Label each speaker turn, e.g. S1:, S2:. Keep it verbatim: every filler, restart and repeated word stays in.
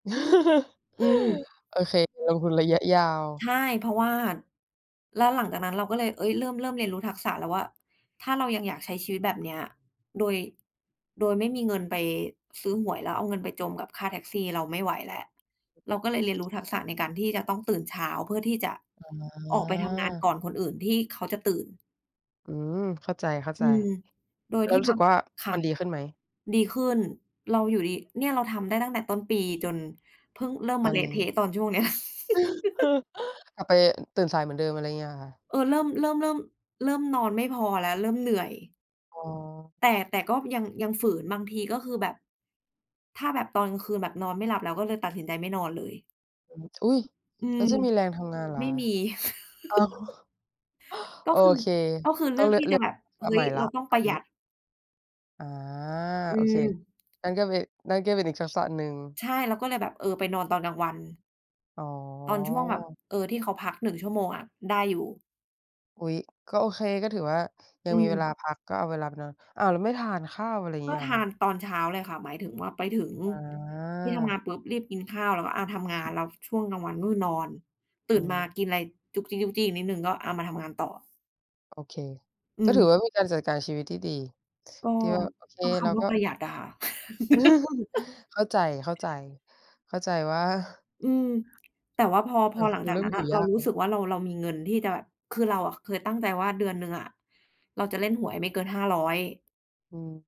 S1: อืม
S2: โอเค ลงทุนระยะยา
S1: ใช
S2: ว
S1: ่ เพราะว่า แล้วหลังจากนั้น เราก็เลย เฮ้ย เริ่ม เริ่มเรียนรู้ทักษะแล้วว่า ถ้าเรายังอยากใช้ชีวิตแบบเนี้ย โดย โดยไม่มีเงินไปซื้อหวย แล้วเอาเงินไปจมกับค่าแท็กซี่ เราไม่ไหวแล้ว เราก็เลยเรียนรู้ทักษะในการที่จะต้องตื่นเช้า เพื่อที่จะ
S2: อ
S1: ออกไปทำงาน
S2: ๋อ
S1: ก่อนคนอื่นที่เขาจะตื่น
S2: อืม เข้าใจ
S1: อืม
S2: ๆ
S1: โดย
S2: แล้
S1: ท
S2: ว
S1: ี่
S2: รู้
S1: เร
S2: สึ
S1: า
S2: กว่า
S1: ค่
S2: มั
S1: ะ
S2: นดีขึ้นไหม?
S1: ดีขึ้น เราอยู่ดี เนี่ย เราทำได้ตั้งแต่ต้นปี จนเพิ่งเริ่ม
S2: ต
S1: ม
S2: อ
S1: า
S2: น
S1: เล
S2: น
S1: ะ
S2: ี
S1: เท
S2: ้
S1: ะตอนช่วงเนี้ย
S2: กลับไปตื่นสายเหมือนเดิม อะไรเงี้ย เหรอคะ?
S1: เออ เริ่ม เริ่ม เริ่ม เริ่มนอนไม่พอแล้ว เริ่มเหนื่อย
S2: อ๋อ
S1: แต่ แต่ก็ยัง ยังฝืนบางที ก็คือแบบ ถ้าแบบตอนกลางคืนแบบนอนไม่หลับ เราก็เลยตัดสินใจไม่นอนเลย
S2: อืม อุ๊ย!
S1: อื
S2: แล้
S1: ม
S2: วจะมีแรงทำงานเหรอ
S1: ไม่
S2: คะ?
S1: มี
S2: อ้าว
S1: ก็
S2: โอ
S1: คือ
S2: เค
S1: ก็คือเ
S2: ต
S1: ล
S2: ้
S1: ื
S2: อง
S1: อก
S2: เรี
S1: ท
S2: ยก
S1: ี่
S2: เร
S1: จ
S2: ี
S1: ะ
S2: ยง
S1: แบบ "เฮ
S2: ล
S1: ้
S2: าใหม
S1: ย
S2: ่แล
S1: เ
S2: ้
S1: รา
S2: ว
S1: ต้อง
S2: ต
S1: ป
S2: อ
S1: ร
S2: น
S1: ะห
S2: น
S1: ย
S2: ี
S1: ั
S2: ้
S1: ด"
S2: อ๋อ
S1: อื
S2: โอเค
S1: ม
S2: นั่นก็เป นั่นก็เป็นอีกทักษะหนึ่ง
S1: ใช่ เราก็เลยแบบ เออ ไปนอนตอนกลางวัน
S2: อ๋
S1: ตอนช่วงแบบ
S2: อ
S1: เออ ที่เขาพัก หนึ่ง ชั่วโมงอะ ได้อยู่
S2: อุ๊ย ก็โอเค ก็ถือว่ายั
S1: อื
S2: งมีเว
S1: ม
S2: ลาพัก ก็เอาเวลาไปนอน อ้าว แล้วไม่ทานข้าว อะไรอย่าง
S1: ก
S2: ง
S1: ็
S2: ี้เหร
S1: ท
S2: อค
S1: า
S2: ะ?
S1: นตอนเช้าเลยค่ะ หมายถึงว่า ไปถึง
S2: อ๋
S1: ที่ทำ
S2: อ
S1: งานปุ๊บ รีบกินข้าว แล้วก็ อะ ทำงาน แล้วช่วงกลางวันก็คือนอน ต
S2: อื
S1: ื่นมา
S2: ม
S1: กินอะไรจุ๊กจิ๊ก ๆ อีกนิดหนึ่ง ก็ อา มาทำงานต่อ
S2: โอเค
S1: อ
S2: ก็
S1: ื
S2: ถือว
S1: ม
S2: ่า มีการจัดการชีวิตที่ดี
S1: ก็
S2: ที่ว่า โอเค
S1: ก็ค
S2: เรา
S1: ำว่
S2: ก
S1: า
S2: ็
S1: ประหยัดอะค่ะ
S2: เข้าใจ ๆ เข้าใจว่า
S1: อืม แต่ว่าพอ พ
S2: อะ
S1: อหลั
S2: ค
S1: ง
S2: ือ
S1: จา
S2: เร
S1: ก
S2: ิ่
S1: น
S2: ม
S1: ั้น
S2: อย
S1: น่
S2: ู่
S1: ะ เ
S2: ย
S1: รา
S2: าก
S1: ร
S2: แ
S1: ู
S2: ล
S1: ้
S2: ้ว
S1: สึกว่าเรา เรามีเงินที่จะแบบ คือ เราอะเคยตั้งใจว่า เดือนหนึ่งอะเราจะเล่นหวยไม่เกิน ห้าร้อย
S2: อืม